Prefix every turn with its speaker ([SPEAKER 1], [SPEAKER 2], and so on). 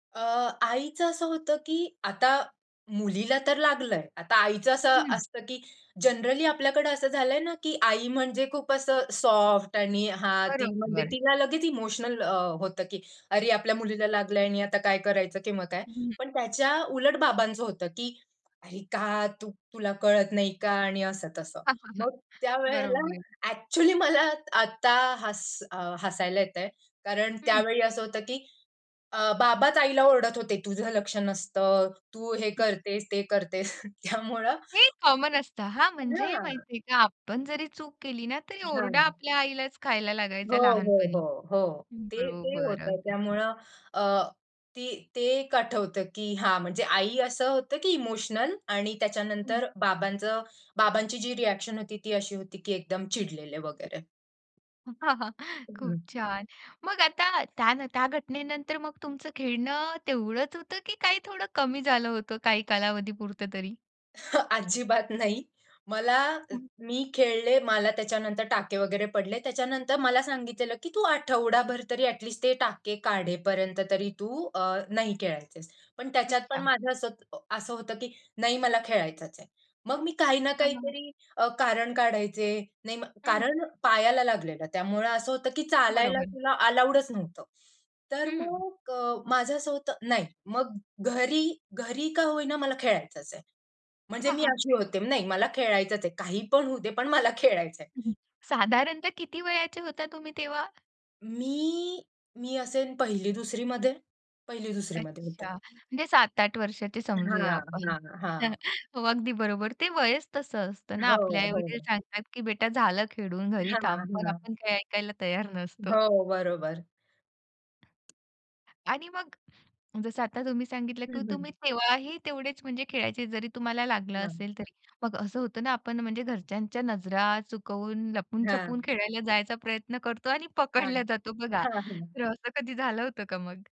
[SPEAKER 1] अ, आईचं असं होतं, की आता मुलीला तर लागलंय. आता आईचं असं
[SPEAKER 2] हं.
[SPEAKER 1] असतं, की जनरली आपल्याकडे असं झालंय न, की आई म्हणजे खूप असं सॉफ्ट आणि हां, ती म्हणजे
[SPEAKER 2] बरोबर.
[SPEAKER 1] तिला लगेच इमोशनल अ, होतं की "अरे! आपल्या मुलीला लागलंय आणि आता काय करायचं? किंवा काय?"
[SPEAKER 2] हं.
[SPEAKER 1] पण त्याच्या उलट बाबांचं, होतं की "अरे का? तुला कळत नाही का?" आणि असं तसं. मग त्यावेळेला
[SPEAKER 2] बरोबर.
[SPEAKER 1] ॲक्चुअली मला आता हस हसायला येतंय कारण
[SPEAKER 2] हं.
[SPEAKER 1] त्यावेळी असं होतं की, अ, बाबाच आईला ओरडत होते, "तुझं लक्ष नसतं. तू हे करतेस, ते करतेस." त्यामुळं
[SPEAKER 2] हे कॉमन असतं हां, म्हणजे
[SPEAKER 1] हां.
[SPEAKER 2] माहिती आहे का? आपण जरी चूक केली ना, तरी
[SPEAKER 1] झालं
[SPEAKER 2] ओरडा
[SPEAKER 1] मग.
[SPEAKER 2] आपल्या आईलाच खायला
[SPEAKER 1] हो,
[SPEAKER 2] लागायचा
[SPEAKER 1] हो,
[SPEAKER 2] लहानपणी.
[SPEAKER 1] हो, हो. ते, ते
[SPEAKER 2] बरोबर,
[SPEAKER 1] होतं.
[SPEAKER 2] अगदी.
[SPEAKER 1] त्यामुळं अ, ते ते 1 आठवतं की हा, म्हणजे आई असं होतं की इमोशनल आणि त्याच्यानंतर बाबांचं बाबांची जी रिॲक्शन होती, ती अशी होती की एकदम चिडलेले वगैरे.
[SPEAKER 2] खूप
[SPEAKER 1] हम्म.
[SPEAKER 2] छान! मग आता, त्या नं त्या घटनेनंतर मग तुमचं खेळणं तेवढंच होतं की काही थोडं कमी झालं होतं काही कालावधी पुरतं तरी?
[SPEAKER 1] ह् अजिबात नाही. मला
[SPEAKER 2] [unintelligible]
[SPEAKER 1] मी खेळले, मला त्याच्यानंतर टाके वगैरे पडले. त्याच्यानंतर मला सांगितलेलं की तू आठवडाभर तरी ॲटलीस्ट ते टाके काढेपर्यंत तरी तू अ, नाही खेळायचेस. पण त्याच्यात पण
[SPEAKER 2] अच्छा.
[SPEAKER 1] माझं असं असं होतं की "नाही मला खेळायचचं आहे." मग मी काही ना
[SPEAKER 2] थांबा ना!
[SPEAKER 1] काहीतरी अ, कारण काढायचे. नाही मग
[SPEAKER 2] हं.
[SPEAKER 1] कारण पायाला लागलेलं त्यामुळं असं होतं की चालायला
[SPEAKER 2] बरोबर.
[SPEAKER 1] तुला अलाउडच नव्हतं. तर
[SPEAKER 2] हं.
[SPEAKER 1] मग माझं असं होतं नाही मग घरी, घरी का होईना मला खेळायचंच आहे. म्हणजे मी अशी होते. नाही मला खेळायचंच आहे. काहीपण होऊ दे, पण मला खेळायचंय.
[SPEAKER 2] साधारणतः किती वयाचे होता तुम्ही तेव्हा?
[SPEAKER 1] मी मी असेन 1ली, 2रीमध्ये 1ली, 2रीमध्ये होते.
[SPEAKER 2] अच्छा, म्हणजे 7-8 वर्षाचे समजूया
[SPEAKER 1] हां,
[SPEAKER 2] आपण.
[SPEAKER 1] हां, हां.
[SPEAKER 2] हो, अगदी बरोबर. ते वयच तसं असतं ना
[SPEAKER 1] हो,
[SPEAKER 2] आपले आईवडील
[SPEAKER 1] हो.
[SPEAKER 2] सांगतात, की बेटा झालं खेळून घरी
[SPEAKER 1] हां,
[SPEAKER 2] थांब. पण
[SPEAKER 1] हां.
[SPEAKER 2] आपण काही ऐकायला तयार नसतो.
[SPEAKER 1] हो, बरोबर.
[SPEAKER 2] आणि मग जसं आता तुम्ही सांगितलं की
[SPEAKER 1] हं,
[SPEAKER 2] तुम्ही
[SPEAKER 1] हं.
[SPEAKER 2] तेव्हाही तेवढेच म्हणजे खेळायचे, जरी तुम्हाला लागलं
[SPEAKER 1] हां.
[SPEAKER 2] असेल तरी. मग असं होतं ना, आपण म्हणजे घरच्यांच्या नजरा चुकवून, लपून-छपून
[SPEAKER 1] हां.
[SPEAKER 2] खेळायला जायचा प्रयत्न करतो आणि
[SPEAKER 1] हां.
[SPEAKER 2] पकडल्या जातो बघा.
[SPEAKER 1] हां, हां.
[SPEAKER 2] तर असं कधी झालं होतं का मग?